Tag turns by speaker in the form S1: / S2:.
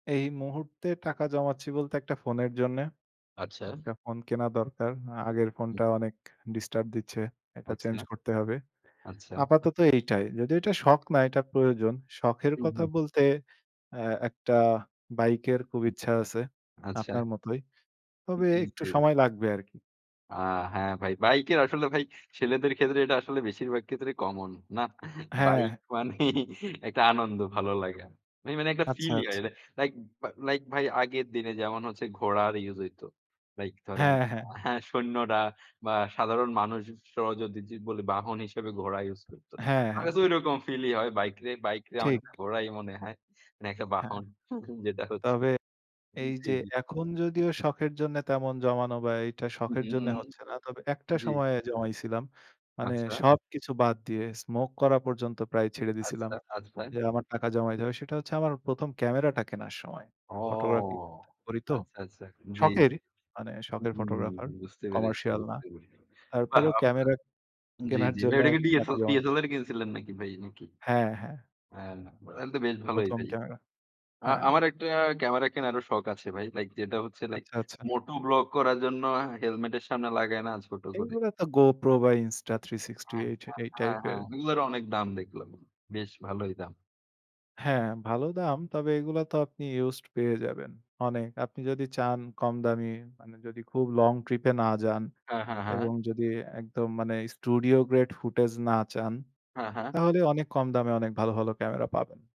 S1: এই মুহূর্তে টাকা জমাচ্ছি বলতে একটা ফোনের জন্যে।
S2: আচ্ছা।
S1: একটা ফোন কেনা দরকার। আ
S2: উ
S1: আগের
S2: হুম।
S1: ফোনটা অনেক ডিস্টার্ব দিচ্ছে। এটা
S2: আচ্ছা।
S1: চেঞ্জ করতে হবে।
S2: আচ্ছা।
S1: আপাতত এইটাই। যদিও এটা শখ না, এটা প্রয়োজন। শখের
S2: হু,
S1: কথা
S2: হুম।
S1: বলতে অ্যা একটা বাইকের খুব
S2: উহু।
S1: ইচ্ছা আছে।
S2: আচ্ছা।
S1: আপনার মতোই। তবে
S2: জি,
S1: একটু
S2: জি।
S1: সময় লাগবে আরকি।
S2: আ হ্যাঁ, ভাই। বাইকের আসলে ভাই ছেলেদের ক্ষেত্রে এটা আসলে বেশিরভাগ ক্ষেত্রে common। না? বাইক
S1: হ্যাঁ।
S2: মানেই একটা আনন্দ, ভালো লাগে। মা মানে একটা
S1: আচ্ছা,
S2: feel হয়।
S1: আচ্ছা।
S2: লাইক বা লাইক ভাই আগের দিনে যেমন হচ্ছে ঘোড়ার ইউজ হইতো। লাইক ধরেন
S1: হ্যাঁ, হ্যাঁ।
S2: হ্যাঁ, সৈন্যরা বা সাধারণ মানুষ স যদি বলে বাহন হিসেবে ঘোড়া ইউজ করতো।
S1: হ্যাঁ,
S2: আগে
S1: হ্যাঁ।
S2: তো ঐরকম feel ই হয় বাইকরে। বাইকরে আমার
S1: ঠিক।
S2: ঘোড়াই মনে হয়। মানে একটা
S1: হ্যাঁ।
S2: বাহন। যেটা হচ্ছে
S1: তবে
S2: জি,
S1: এইযে
S2: জি।
S1: এখন যদিও শখের জন্য তেমন জমানো বা এইটা
S2: হু,
S1: শখের
S2: হু, হু,
S1: জন্য
S2: হুম।
S1: হচ্ছে না। তবে একটা
S2: জি।
S1: সময়ে জমাইছিলাম। মানে
S2: আচ্ছা।
S1: সবকিছু বাদ দিয়ে Smoke করা পর্যন্ত প্রায় ছেড়ে দিয়েছিলাম।
S2: আচ্ছা,
S1: যে,
S2: [unintelligible]
S1: আমার টাকা জমাইতে হবে সেটা হচ্ছে আমার ১ম ক্যামেরাটা কেনার সময়।
S2: ও,
S1: Photography করি তো।
S2: আচ্ছা, আচ্ছা। জি, জি।
S1: শখের মানে শখের
S2: হুম,
S1: photographer,
S2: বুঝতে পেরেছি,
S1: commercial না।
S2: বুঝতে পেরেছি। বাহ!
S1: তারপরেও ক্যামেরা
S2: আপনার জি,
S1: কেনার
S2: জি, ভাই।
S1: জন্য
S2: এডা কি
S1: আরকি
S2: ডিএস
S1: টাকা জমাইছি।
S2: DSLR কিনছিলেন নাকি ভাই নাকি?
S1: হ্যাঁ, হ্যাঁ।
S2: হ্যাঁ, তাহলে তো বেশ ভালোই
S1: ১ম
S2: ভাই।
S1: ক্যামেরা।
S2: আ
S1: হ্যাঁ।
S2: আমার একটা ক্যামেরা কেনারও শখ আছে ভাই। লাইক যেটা হচ্ছে লাইক
S1: আচ্ছা, আচ্ছা।
S2: Moto blog করার জন্য helmet এর সামনে লাগায় না ছোট করে।
S1: এইগুলা তো Go Pro বা Insta 360
S2: হ্যাঁ, হ্যাঁ,
S1: এই
S2: হ্যাঁ, হ্যাঁ।
S1: টাইপের।
S2: এগুলোর অনেক দাম দেখলাম। বেশ ভালোই দাম।
S1: হ্যাঁ, ভালো দাম। তবে এগুলো তো আপনি ইউজড পেয়ে যাবেন। অনেক। আপনি যদি চান কম দামি মানে যদি খুব long trip এ না যান
S2: হ্যাঁ, হ্যাঁ, হ্যাঁ।
S1: এবং যদি একদম মানে studio grade footage না চান
S2: হ্যাঁ, হ্যাঁ।
S1: তাহলে অনেক কম দামে অনেক ভালো, ভালো ক্যামেরা পাবেন।